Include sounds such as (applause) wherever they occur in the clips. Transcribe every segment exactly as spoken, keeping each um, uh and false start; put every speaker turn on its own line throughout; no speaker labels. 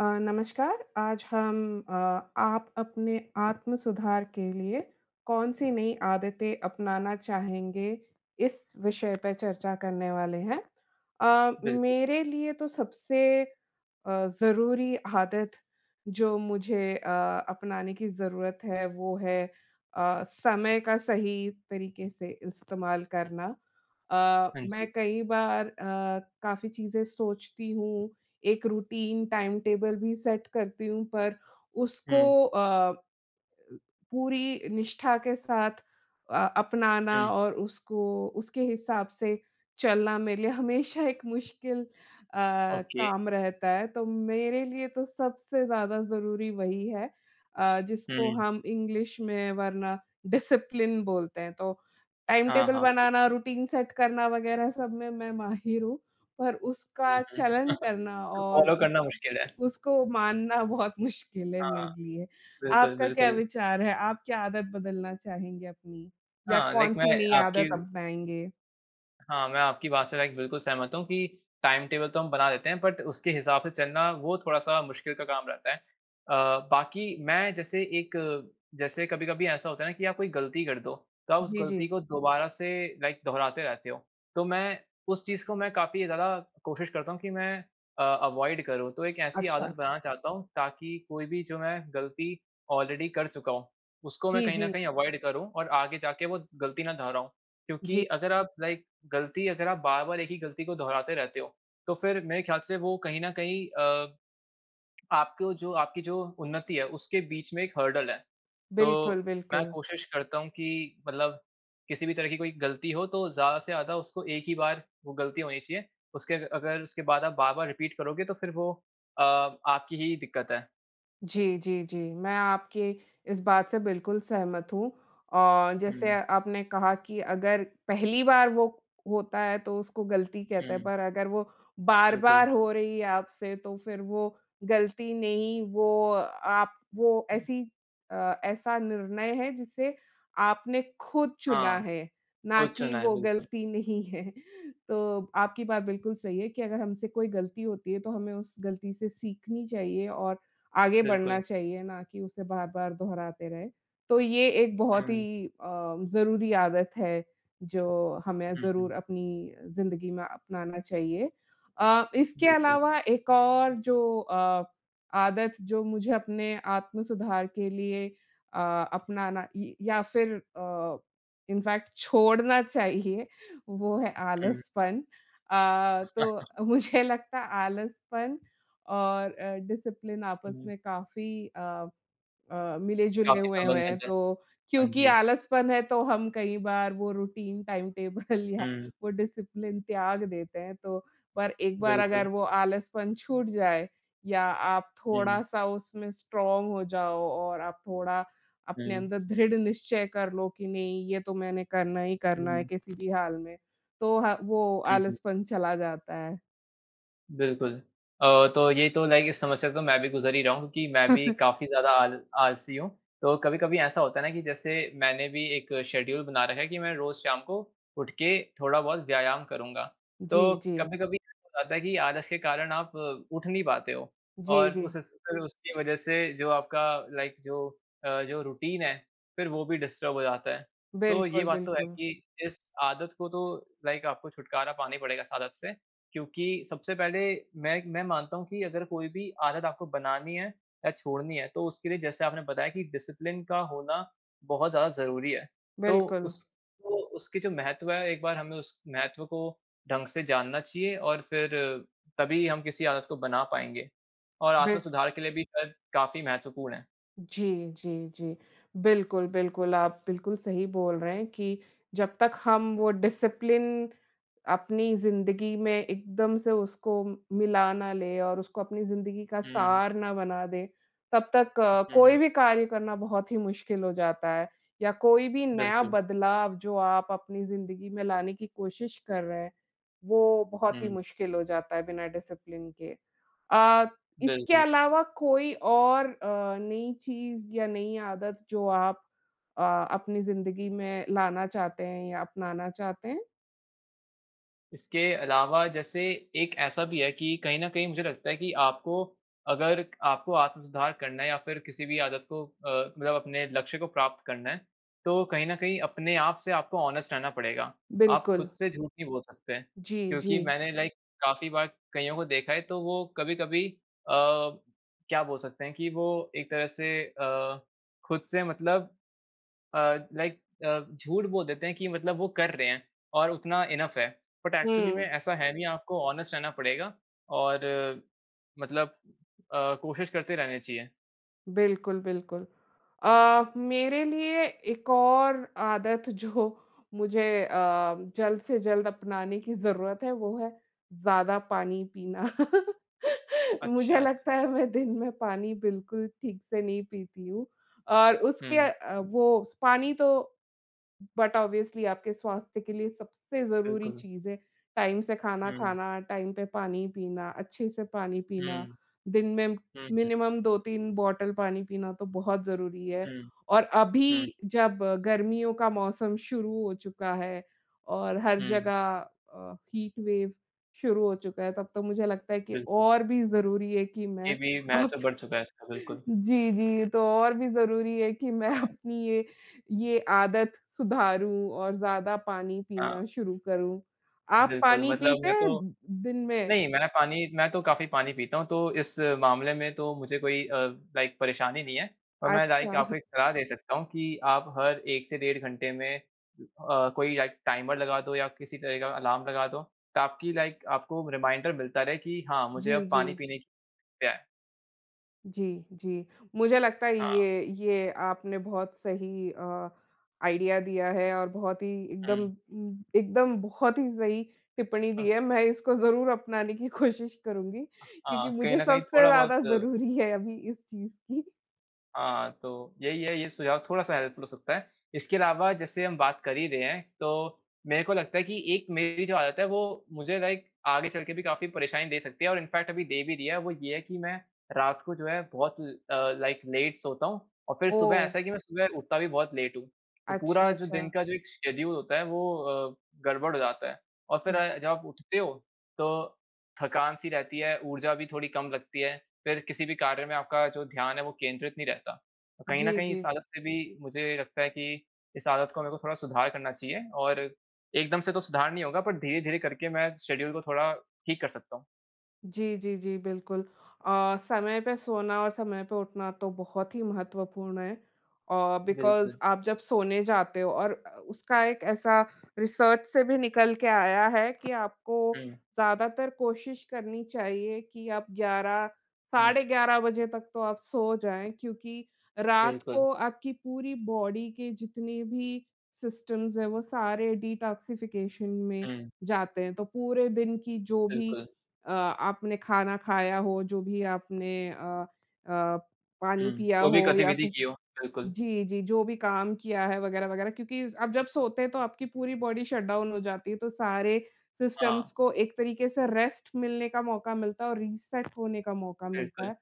अ, नमस्कार, आज हम अ, आप अपने आत्म-सुधार के लिए, कौन-सी नई आदतें अपनाना चाहेंगे? इस विषय पे चर्चा करने वाले हैं। अ,
बिल्कुल।
मेरे लिए तो सबसे अ, ज़रूरी आदत जो मुझे अ, अपनाने की ज़रूरत है वो है अ, समय का सही तरीके से इस्तेमाल करना। अ,
हाँ जी।
मैं कई बार अ, काफ़ी चीज़ें सोचती हूँ, एक रूटीन टाइम टेबल भी सेट करती हूँ पर, उसको
हुँ।
अ, पूरी निष्ठा के साथ अ, अपनाना
हुँ।
और उसको उसके हिसाब से चलना मेरे लिए हमेशा एक मुश्किल अ,
ओके।
काम रहता है। तो मेरे लिए तो सबसे ज़्यादा ज़रूरी वही है। अ, जिसको
हुँ।
हम इंग्लिश में वरना डिसिप्लिन बोलते हैं तो, टाइम
हाँ,
टेबल
हाँ, बिल्कुल।
बनाना, रूटीन सेट करना वगैरह सब में मैं माहिर हूँ, पर
हुँ,
उसका
हुँ।
चलन
(chuckles)
करना
उसको
और,
फॉलो
उस
करना मुश्किल है।
उसको मानना बहुत मुश्किल है
हाँ,
मेरे लिए।
बिल्कुल,
आपका क्या
बिल्कुल।
विचार है? आप क्या आदत बदलना चाहेंगे अपनी, या
हाँ, लाइक मैं
कौन-सी नई
आपकी
आदत अपनाएँगे?
हाँ, मैं आपकी बात से लाइक बिल्कुल सहमत हूँ कि टाइम-टेबल तो हम बना देते हैं बट उसके हिसाब से चलना वो थोड़ा-सा मुश्किल का काम रहता है। अ, बाक़ी मैं जैसे एक जैसे कभी-कभी ऐसा होता है ना कि आप कोई गलती कर दो, तो आप उस
जी,
गलती
जी।
को दोबारा से लाइक दोहराते रहते हो। तो मैं उस चीज़ को मैं काफ़ी ज़्यादा कोशिश करता हूँ, कि मैं अ, अवॉइड करूँ। तो एक ऐसी
अच्छा।
आदत बनाना चाहता हूँ, ताकि कोई भी जो मैं गलती ऑलरेडी कर चुका हूँ उसको मैं
जी,
कहीं न
जी।
कहीं अवॉइड करूँ, और आगे जाके वो गलती ना दोहराऊँ। क्योंकि
जी।
अगर आप लाइक गलती अगर आप बार-बार एक ही गलती को दोहराते रहते हो, तो फ़िर मेरे ख़्याल से वो कहीं न कहीं अ, आपको जो आपकी जो उन्नति है उसके बीच में एक हर्डल है।
बिल्कुल,
तो, मैं
बिल्कुल।
कोशिश करता हूँ कि मतलब किसी भी तरह की कोई गलती हो तो ज़्यादा से ज़्यादा उसको एक ही बार वो गलती होनी चाहिए उसके अ अगर उसके बाद आप बार-बार रिपीट करोगे तो फिर वो अ, आपकी ही दिक्कत है।
जी, जी, जी। मैं आपके इस बात से बिल्कुल सहमत हूँ। औ जैसे
हुँ।
आपने कहा कि अगर पहली बार वो होता है तो उसको गलती कहते हैं,
हुँ।
पर अगर वो
बिल्कुल।
बार-बार हो रही है आपसे तो फिर वो गलती नहीं वो अ, आप वो ऐसी अ, ऐसा निर्णय है जिसे आपने खुद चुना
हाँ।
है, ना
खुद
कि
चुना है,
वो
बिल्कुल।
गलती नहीं है। तो आपकी बात बिल्कुल सही है कि, अगर हमसे कोई गलती होती है तो हमें उस गलती से सीखनी चाहिए और आगे
बिल्कुल।
बढ़ना चाहिए, ना कि उसे बार-बार दोहराते रहे। तो ये एक बहुत
हुँ।
ही अ, ज़रूरी आदत है, जो हमें
हुँ, हुँ।
ज़रूर अपनी ज़िन्दगी में अपनाना चाहिए। अ, इसके
बिल्कुल।
अलावा एक और जो अ, आदत जो मुझे अपने आत्म-सुधार के लिए अ, अपनाना य या फिर अ, इनफैक्ट छोड़ना चाहिए वो है
हुँ।
आलसपन। अ,
(laughs)
तो मुझे लगता आलसपन और अ, डिसिप्लिन आपस
हुँ।
में काफ़ी अ अ, मिले-जुले
काफ़ी
हुए हुए हैं।
संबंधित है।
तो
हाँ,
क्योंकि
जी।
आलसपन है तो हम कई बार वो रूटीन, टाइम टेबल या
हुँ।
वो डिसिप्लिन त्याग देते हैं। तो पर एक बार
बिल्कुल।
अगर वो आलसपन छूट जाए या आप
हुँ।
थोड़ा-सा उसमें स्ट्रॉन्ग हो जाओ और आप थोड़ा अपने
हुँ।
अंदर दृढ़ निश्चय कर लो कि नहीं ये तो मैंने करना ही करना है
हुँ।
किसी भी हाल में। तो हाँ, वो
हुँ, हुँ।
आलसपन चला जाता है।
बिल्कुल। अ, तो ये तो लाइक इस समस्या से तो मैं भी गुज़र ही रहा हूँ, क्योंकि मैं भी
(chuckles)
काफ़ी ज़्यादा आल आलसी हूँ। तो कभी-कभी ऐसा होता है ना कि जैसे, मैंने भी एक शेड्यूल बना रखा है कि मैं रोज़ शाम को उठ के थोड़ा-बहुत व्यायाम करूँगा। तो
जी, जी।
कभी-कभी हो जाता है कि आलस के कारण आप अ, उठ नहीं पाते हो,
जी,
और
जी।
उस उस अ, उसकी वजह से जो आपका लाइक जो अ, जो रूटीन है, फिर वो भी डिस्टर्ब हो जाता है। तो ये
बिल्कुल,
बात तो है
बिल्कुल।
कि इस आदत को तो लाइक आपको छुटकारा पाना ही पड़ेगा इस आदत से, क्योंकि सबसे पहले मैं इक मैं मानता हूँ, कि अगर कोई भी आदत आपको बनानी है या छोड़नी है तो, उसके लिए जैसे आपने बताया कि डिसिप्लिन का होना बहुत ज़्यादा ज़रूरी है। तो
बिल्कुल।
उसको उसकी जो महत्त्व है, एक बार हमें उस महत्त्व को ढंग से जानना चाहिए और फिर तभी हम किसी आदत को बना पाएँगे, और
बिल्क
आत्म-सुधार के लिए भी कर काफ़ी महत्वपूर्ण है।
जी, जी, जी, बिल्कुल, बिल्कुल। आप बिल्कुल सही बोल रहे हैं कि जब तक हम वो डिसिप्लिन अपनी ज़िंदगी में एकदम से उसको म मिला ना लें और उसको अपनी ज़िंदगी का
हुँ।
सार ना बना दें, तब तक अ,
हुँ।
कोई भी कार्य करना बहुत ही मुश्किल हो जाता है, या कोई भी नया
बिल्कुल।
बदलाव जो आप अपनी ज़िंदगी में लाने की कोशिश कर रहे हैं, वो बहुत ही
हुँ।
मुश्किल हो जाता है, बिना डिसिप्लिन के। अ, इसके
बिल्कुल।
अलावा कोई और अ, नई चीज़ या नई आदत, जो आप अ, अपनी ज़िंदगी में लाना चाहते हैं या अपनाना चाहते हैं?
इसके अलावा जैसे, एक ऐसा भी है कि कही न कही मुझे लगता है, कि आपको अगर आपको आत्म सुधार करना है या फिर किसी भी आदत को अ, मतलब अपने लक्ष्य को प्राप्त करना है। तो, कही न कही अपने आप से आपको ऑनेस्ट रहना पड़ेगा। आप खुद
बिल्कुल।
से झूठ नहीं बोल सकते हैं।
जी,
क्योंकि
जी।
मैंने लाइक काफ़ी बार कइयों को देखा है, तो वो कभी-कभी अ, क्या बोल सकते हैं कि वो एक तरह से अ, खुद से मतलब अ, लाइक अ, झूठ बोल देते हैं कि मतलब वो कर रहे हैं और उतना इनफ है। बट एक्चुअली में
हुँ।
ऐसा है नहीं, आपको ऑनेस्ट रहना पड़ेगा और मतलब अ, कोशिश करते रहनी चाहिए।
बिल्कुल, बिल्कुल। अ, मेरे लिए एक और आदत जो मुझे अ, जल्द से जल्द अपनाने की ज़रूरत है, वो है, ज़्यादा पानी पीना। (laughs)
अच्छा,
मुझे लगता
अच्छा।
है, मैं दिन में पानी बिल्कुल ठीक से नहीं पीती हूँ। और उसके
हुँ।
अ, वो स पानी तो, बट ऑब्वियसली आपके स्वास्थ्य के लिए सबसे ज़रूरी
बिल्कुल।
चीज़ है। टाइम से खाना
हुँ।
खाना, टाइम पे पानी पीना, अच्छे से पानी
हुँ।
पीना। दिन में
हुँ, हुँ।
मिनिमम दो तीन बॉटल पानी पीना तो बहुत ज़रूरी है।
हुँ।
और
हुँ।
अभी जब गर्मियों का मौसम शुरू हो चुका है और हर
हुँ।
जगह अ, हीट वेव शुरू हो चुका है, तब तो मुझे लगता है कि
बिल्कुल।
और भी ज़रूरी है कि
ये
मैं
भी
अब
महत्व बढ़ चुका है, इसका
(chuckles)
बिल्कुल।
जी, जी तो और भी ज़रूरी है, कि मैं
हाँ।
अपनी ये, ये आदत सुधारूँ और ज़्यादा पानी
हाँ।
पीना शुरू करूँ। आप
बिल्कुल।
पानी
मतलब
पीते
मैं
हैं,
तो
दिन में?
नहीं, मैं पानी मैं तो काफ़ी पानी पीता हूँ। तो, इस मामले में तो मुझे कोई अ, लाइक परेशानी नहीं है। और मैं लाइक
अच्छा।
आपको एक सलाह दे सकता हूँ, कि आप हर एक से डेढ़ घंटे में अ, कोई लाइक टाइमर लगा दो या किसी तरह का अलार्म लगा दो ताकि लाइक आपको रिमाइंडर मिलता रहे कि हाँ, मुझे
जी,
अब पानी
जी।
पीने की है।
जी, जी। मुझे लगता है,
हाँ।
ये ये आपने बहुत सही अ, आईडिया दिया है और बहुत ही एकदम
हुँ।
उम, एकदम बहुत ही सही टिप्पणी दी
हाँ।
है। मैं इसको ज़रूर अपनाने की कोशिश करूँगी, क्योंकि
हाँ, कहीं
मुझे
न कहीं
सबसे
थोड़ा
ज़्यादा
बहुत
ज़रूरी है अभी इस चीज़ की।
हाँ, तो यही है, ये सुझाव थोड़ा-सा हेल्पफुल हो सकता है। इसके अलावा जैसे हम बात कर ही रहे हैं, तो मेरे को लगता है कि एक मेरी जो आदत है, वो मुझे लाइक आगे चल के भी काफ़ी परेशानी दे सकती है और इन फ़ैक्ट अभी दे भी रही है, वो ये है कि मैं रात को जो है, बहुत ल अ, लाइक लेट सोता हूँ और फिर सुबह
ओह!
ऐसा है कि मैं सुबह उठता भी बहुत लेट हूँ। तो पूरा
अच्छा,
जो दिन
अच्छा।
का जो एक शेड्यूल होता है, वो अ, गड़बड़ हो जाता है और फिर अ, जब आप उठते हो, तो थकान-सी रहती है, ऊर्जा भी थोड़ी कम लगती है। फिर किसी भी कार्य में आपका जो ध्यान है, वो केंद्रित नहीं रहता। अ, कहीं न
जी,
कहीं इस
जी।
आदत से भी मुझे लगता है कि इस आदत को मेरे को थोड़ा सुधार करना चाहिए और एकदम से तो सुधार नहीं होगा, बट धीरे-धीरे करके मैं शेड्यूल को थोड़ा ठीक कर सकता हूँ।
जी, जी, जी, बिल्कुल। अ, समय पे सोना और समय पे उठना तो बहुत ही महत्वपूर्ण है। अ, बिकॉज़
बिल्कुल।
आप जब सोने जाते हो और अ, उसका एक ऐसा रिसर्च से भी निकल के आया है कि आपको
हुँ।
ज़्यादातर कोशिश करनी चाहिए कि आप ग्यारह,
हुँ।
साढ़े ग्यारह बजे तक तो आप सो जाएँ, क्योंकि रात
बिल्कुल।
को आपकी पूरी बॉडी के जितने भी सिस्टम्स हैं, वो सारे डिटॉक्सिफिकेशन में
हुँ।
जाते हैं। तो पूरे दिन की जो भी
बिल्कुल।
अ, आपने खाना खाया हो, जो भी आपने अ अ, पानी
हुँ,
पिया
कोई भी
हो या
गतिविधि
फिर
की हो, बिल्कुल।
जी, जी, जो भी काम किया है वग़ैरह-वग़ैरह क्योंकि ज़ आप जब सोते हैं, तो आपकी पूरी बॉडी शट डाउन हो जाती है। तो सारे सिस्टम्स
हाँ।
को एक तरीके से रेस्ट मिलने का मौका मिलता है और रीसेट होने का मौका मिलता
बिल्कुल।
है।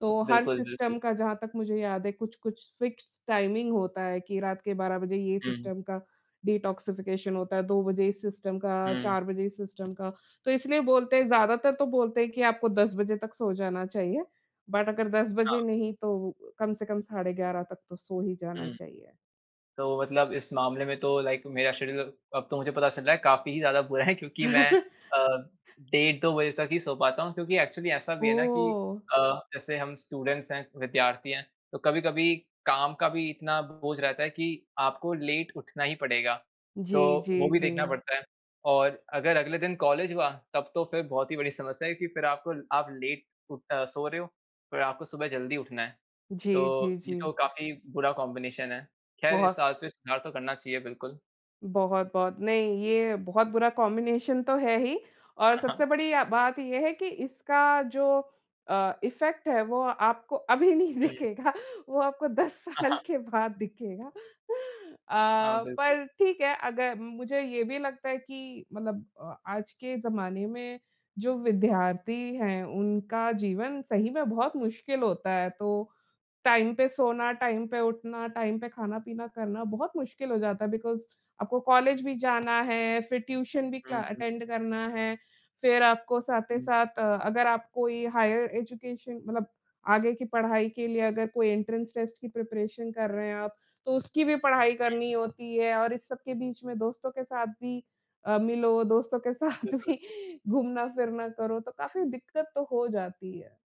तो हर
बिल्कुल, बिल्कुल।
सिस्टम का, जहाँ तक मुझे याद है, कुछ-कुछ फ़िक्स्ड टाइमिंग होता है कि रात के बारह बजे ये
हुँ।
सिस्टम का डिटॉक्सिफिकेशन होता है, दो बजे इस सिस्टम का,
हुँ।
चार बजे इस सिस्टम का। तो इसलिए बोलते हैं ज़्यादातर तो बोलते हैं कि आपको दस बजे तक सो जाना चाहिए। बट अगर दस
हाँ।
बजे नहीं, तो कम से कम साढ़े ग्यारह तक तो सो ही जाना
हुँ।
चाहिए।
तो मतलब इस मामले में तो लाइक मेरा शेड्यूल अब तो मुझे पता चल रहा है, काफ़ी ही ज़्यादा बुरा है क्योंकि मैं अ,
(chuckles)
डेढ़ दो बजे तक ही सो पाता हूँ, क्योंकि एक्चुअली ऐसा भी है ना कि
ओह!
अ, जैसे हम स्टूडेंट्स हैं, विद्यार्थी हैं, तो कभी-कभी काम का भी इतना बोझ रहता है कि आपको लेट उठना ही पड़ेगा। तो
जी,
वो
जी,
भी देखना
जी।
पड़ता है और अगर अगले दिन कॉलेज हुआ, तब तो फिर बहुत ही बड़ी समस्या है कि, फिर आप आप लेट उठ अ, सो रहे हो, फिर आपको सुबह जल्दी उठना है।
जी, जी,
तो ये
जी।
तो काफ़ी बुरा कॉम्बिनेशन है। ख़ैर इस
बहुत।
आदत में सुधार तो करना चाहिए, बिल्कुल।
बहुत-बहुत, नहीं ये बहुत बुरा कॉम्बिनेशन तो है ही। और
हाँ, हाँ।
सबसे बढ़िया बात ये है कि इसका जो अ, इफेक्ट है वो आपको अभी नहीं
हुँ।
दिखेगा वो आपको दस
हाँ,
साल
हाँ।
के बाद दिखेगा (chuckles)
हाँ,
अ,
बिल्कुल।
पर ठीक है, अगर मुझे ये भी लगता है कि मतलब अ, आज के ज़माने में जो विद्यार्थी हैं, उनका जीवन सही में बहुत मुश्किल होता है। तो टाइम पे सोना, टाइम पे उठना, टाइम पे खाना-पीना करना बहुत मुश्किल हो जाता है। बिकॉज़ आपको कॉलेज भी जाना है, फिर ट्यूशन भी क्ला
हुँ, हुँ।
अटेंड करना है। फिर आपको साथ ही
हुँ।
साथ अ, अगर आप कोई हायर एजुकेशन मतलब आगे की पढ़ाई के लिए अगर कोई एंट्रेंस टेस्ट की प्रिपरेशन कर रहे हैं आप, तो उसकी भी पढ़ाई
हुँ।
करनी होती है। और इस सब के बीच में दोस्तों के साथ भी अ, मिलो दोस्तों के साथ
बिल्कुल।
भी घूमना-फिरना करो तो काफ़ी दिक्कत तो हो जाती है।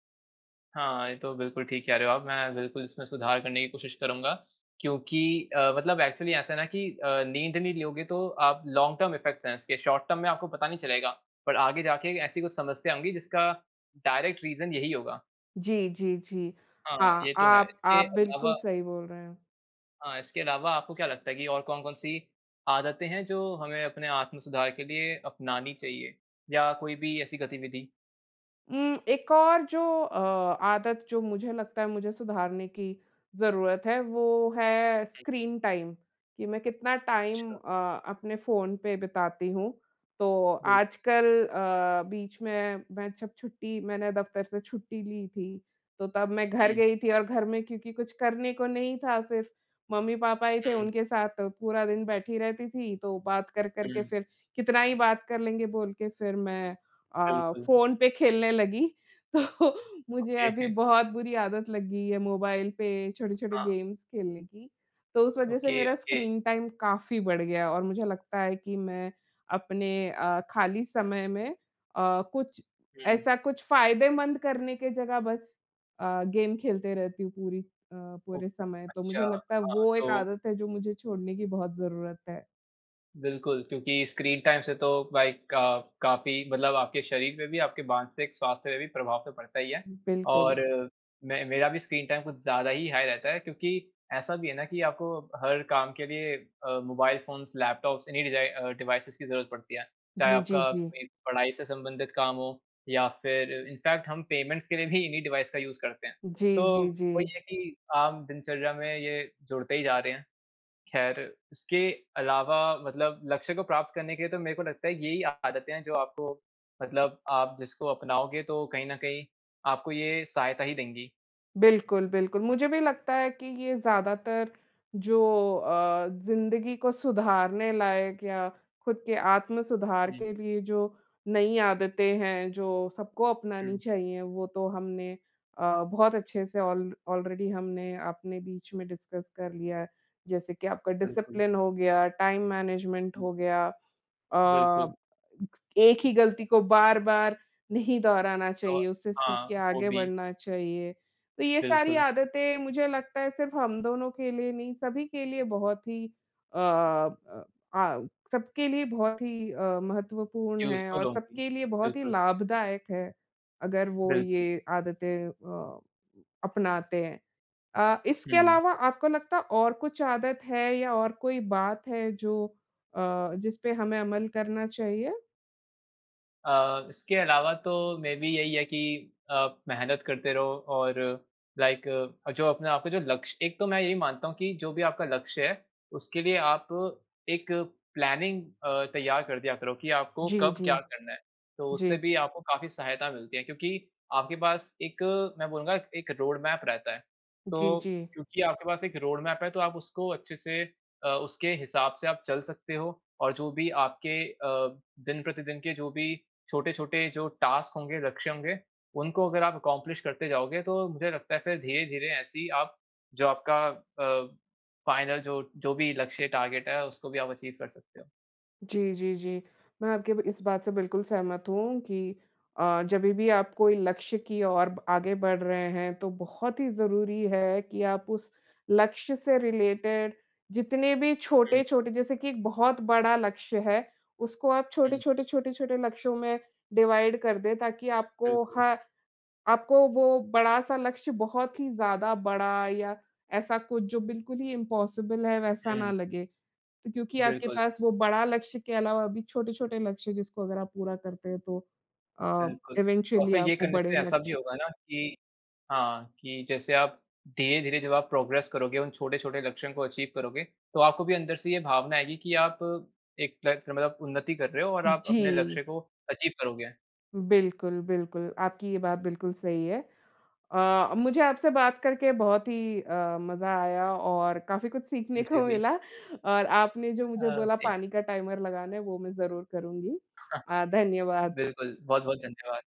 हाँ, ये तो बिल्कुल ठीक कह रहे हो आप मैं बिल्कुल इसमें सुधार करने की कोशिश करूँगा। क्योंकि अ, मतलब एक्चुअली ऐसा है ना कि अ, नींद नहीं लोगे तो आप लॉन्ग टर्म इफेक्ट्स है इसके। शॉर्ट टर्म में आपको पता नहीं चलेगा, पर आगे जाके ऐसी कुछ समस्या होंगी जिसका डायरेक्ट रीज़न यही होगा।
जी, जी, जी।
हाँ,
हाँ,
ये तो है।
आप
इसके
आप बिल्कुल
अलावा
सही बोल रहे हैं।
हाँ। इसके अलावा आपको क्या लगता है कि और कौन-कौन सी आदतें हैं जो हमें अपने आत्म सुधार के लिए अपनानी चाहिए या कोई भी ऐसी गतिविधि?
उम, एक और जो अ, आदत जो मुझे लगता है मुझे सुधारने की ज़रूरत है वो है
हुँ।
स्क्रीन टाइम कि मैं कितना टाइम
अच्छा।
अ, अपने फ़ोन पे बिताती हूँ। तो
बिल्कु
आजकल अ, बीच में मैं छप छुट्टी दफ़्तर से छुट्टी ली थी। तो तब मैं घर
हुँ।
गई थी और घर में क्योंकि कुछ करने को नहीं था सिर्फ़ मम्मी-पापा ही थे
हुँ।
उनके साथ पूरा दिन बैठी रहती थी। तो बात कर-कर के
हुँ।
फ़िर कितना ही बात कर लेंगे बोल के फ़िर मैं अ,
बिल्कुल।
फ़ोन पे खेलने लगी। तो मुझे
ओके।
अभी
(chuckles)
बहुत बुरी आदत लग गई है मोबाइल पे छोटे-छोटे
हाँ।
गेम्स खेलने की। तो उस वज़ह से
ओके,
मेरा
ओके।
स्क्रीन टाइम काफ़ी बढ़ गया और मुझे लगता है कि मैं, अपने अ, खाली समय में अ, कुछ
हुँ।
ऐसा कुछ फ़ायदेमंद करने की जगह बस अ, गेम खेलती रहती हूँ पूरी अ,
ओह!
पूरे समय। तो
अच्छा।
मुझे लगता है
हाँ,
वो एक
तो
आदत है जो मुझे छोड़ने की बहुत जरूरत है।
बिल्कुल, क्योंकि स्क्रीन टाइम से तो लाइक अ, काफ़ी मतलब आपके शरीर पे भी आपके मानसिक स्वास्थ्य पे भी प्रभाव तो पड़ता ही है,
बिल्कुल।
और मैं मेरा भी स्क्रीन टाइम कुछ ज़्यादा ही हाई रहता है क्योंकि, ऐसा भी है ना कि आपको हर काम के लिए अ, मोबाइल फ़ोन्स, लैपटॉप्स इन्ही डिजाइ अ, डिवाइसेस की ज़रूरत पड़ती हैं। चाहे
जी, जी,
आपका,
जी।
पढ़ाई से संबंधित काम हो या फिर इन्फ़ैक्ट हम पेमेंट्स के लिए भी इन्ही डिवाइस का यूज़ करते हैं।
जी,
तो
जी,
वही
जी।
है कि आम दिनचर्या में ये जुड़ते ही जा रहे हैं। ख़ैर इसके अलावा मतलब लक्ष्य को प्राप्त करने के लिए तो मेरे को लगता है यही आदतें हैं जो आपको मतलब आप जिसको अपनाओगे तो कहीं न कहीं आपको ये सहायता ही देंगी।
बिल्कुल, बिल्कुल। मुझे भी लगता है कि ये ज्यादातर, जो अ, ज़िन्दगी को सुधारने लायक या खुद के आत्म-सुधार
जी।
के लिए जो नई आदतें हैं, जो सबको अपनानी
हुँ।
चाहिए वो तो हमने अ, बहुत अच्छे से ऑल ऑलरेडी हमने अपने बीच में डिस्कस कर लिया। जैसे कि आपका
बिल्कुल।
डिसिप्लिन हो गया, टाइम मैनेजमेंट हो गया।
बिल्कुल।
अ, एक ही गलती को बार-बार नहीं दोहराना
तो
चाहिए उससे सीख
हाँ।
के
वो
आगे
भी।
बढ़ना चाहिए। तो ये सारी
बिल्कुल।
आदतें मुझे लगता है सिर्फ हम दोनों के लिए नहीं, सभी के लिए बहुत ही अ अ आ सबके लिए बहुत ही अ, महत्वपूर्ण हैं
यूज़फ़ुल
और
होंगी,
सबके लिए बहुत ही
बिल्कुल।
लाभदायक है, अगर वो
बिल्कुल।
ये आदतें अ, अपनाते हैं। अ, इसके
हुँ।
अलावा आपको लगता है और कुछ आदत है या और कोई बात है जो, अ जिसपे हमें अमल करना चाहिए?
अ, इसके अलावा तो मेबी यही है कि आप मेहनत करते रहो और लाइक अ, जो अपने आपका जो लक्ष्य एक तो मैं ये भी मानता हूँ कि जो भी आपका लक्ष्य है, उसके लिए आप एक प्लानिंग अ, तैयार कर दिया करो कि आपको
जी,
कब क्या
जी।
करना है। तो उससे
जी।
भी आपको काफ़ी सहायता मिलती है क्योंकि आपके पास एक मैं बोलूँगा, एक रोडमैप रहता है।
जी,
तो
जी।
क्योंकि आपके पास एक रोडमैप है, तो आप उसको अच्छे से अ, उसके हिसाब से आप चल सकते हो और जो भी आपके अ, दिन-प्रतिदिन के जो भी छोटे-छोटे जो टास्क होंगे, लक्ष्य होंगे, उनको अगर आप अकम्प्लिश करते जाओगे, तो मुझे लगता है, फिर धीरे-धीरे ऐसी ही आप जो आपका अ, फ़ाइनल जो जो भी लक्ष्य, टारगेट है, उसको भी आप अचीव कर सकते हो।
जी, जी, जी। मैं आपकी ब इस बात से बिल्कुल सहमत हूँ कि अ, जभी भी आप कोई लक्ष्य की ओर ब आगे बढ़ रहे हैं, तो बहुत ही ज़रूरी है कि आप उस लक्ष्य से रिलेटेड जितने भी
हुँ।
छोटे-छोटे जैसे कि एक बहुत बड़ा लक्ष्य है, उसको आप छोटे,
हुँ।
छोटे, छोटे, छोटे लक्ष्यों में डिवाइड कर दें, ताकि आपको
बिल्कुल।
ह आपको वो बड़ा-सा लक्ष्य बहुत ही ज़्यादा बड़ा या ऐसा कुछ जो बिल्कुल ही इम्पॉसिबल है, वैसा
हुँ।
ना लगे। तो क्योंकि आपके
बिल्कुल।
पास वो बड़ा लक्ष्य के अलावा भी छोटे-छोटे लक्ष्य जिसको अगर आप पूरा करते हैं, तो अ,
बिल्कुल, और
इवेंचुअली
फिर
आप
ये
वो
करने
बड़े
से ऐसा
लक्ष्य
भी होगा ना कि हाँ, कि जैसे आप धीरे-धीरे जब आप प्रोग्रेस करोगे, उन छोटे-छोटे लक्ष्यों को अचीव करोगे, तो आपको भी अंदर से ये भावना आएगी कि आप एक (unintelligible) मतलब उन्नति कर रहे हो और आप अपने
जी।
लक्ष्य को अचीव करोगे।
बिल्कुल, बिल्कुल, आपकी ये बात बिल्कुल सही है। अ, मुझे आपसे बात करके बहुत ही अ, मज़ा आया और काफ़ी कुछ सीखने
मुझे
को
भी।
मिला और आपने जो मुझे
अ,
बोला
जी।
पानी का टाइमर लगाना है, वो मैं जरूर करुँगी।
(chuckles)
अ, धन्यवाद।
बिल्कुल। बहुत-बहुत धन्यवाद।